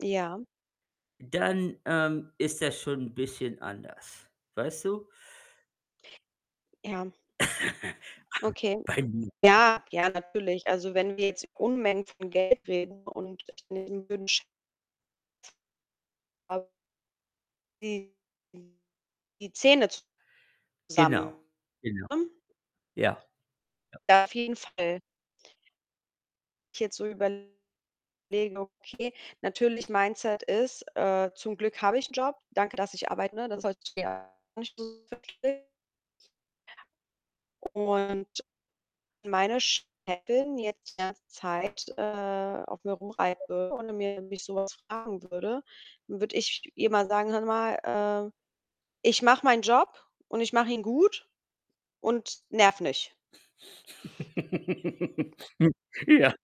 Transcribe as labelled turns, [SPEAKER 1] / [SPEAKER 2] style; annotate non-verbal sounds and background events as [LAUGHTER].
[SPEAKER 1] Ja.
[SPEAKER 2] Dann, ähm, ist das schon 'n bisschen anders. Weißt du?
[SPEAKER 1] Ja.
[SPEAKER 2] [LAUGHS]
[SPEAKER 1] Okay.
[SPEAKER 2] Bei [UNINTELLIGIBLE]
[SPEAKER 1] Ja, ja natürlich. Also, wenn wir jetzt Unmengen von Geld reden und [UNINTELLIGIBLE] wünsch [UNINTELLIGIBLE] Die die Zähne zusammen,
[SPEAKER 2] Genau, genau.
[SPEAKER 1] ne?
[SPEAKER 2] Ja. Ja.
[SPEAKER 1] Ja, auf jeden Fall. Ich jetzt so überlege, okay, natürlich Mindset ist, äh: „Zum Glück habe ich 'n Job. Danke, dass ich arbeite“, ne? [UNINTELLIGIBLE] Und wenn meine Chefin jetzt die ganze Zeit, äh, auf mir rumreiten würde oder
[SPEAKER 2] [UNINTELLIGIBLE]
[SPEAKER 1] [UNINTELLIGIBLE] mich so was fragen würde, dann würde ich ihr mal sagen: „Hören Sie mal, äh, ich mache meinen Job und ich mache ihn gut und nerv nicht.“
[SPEAKER 2] [LAUGHS] Hm, ja.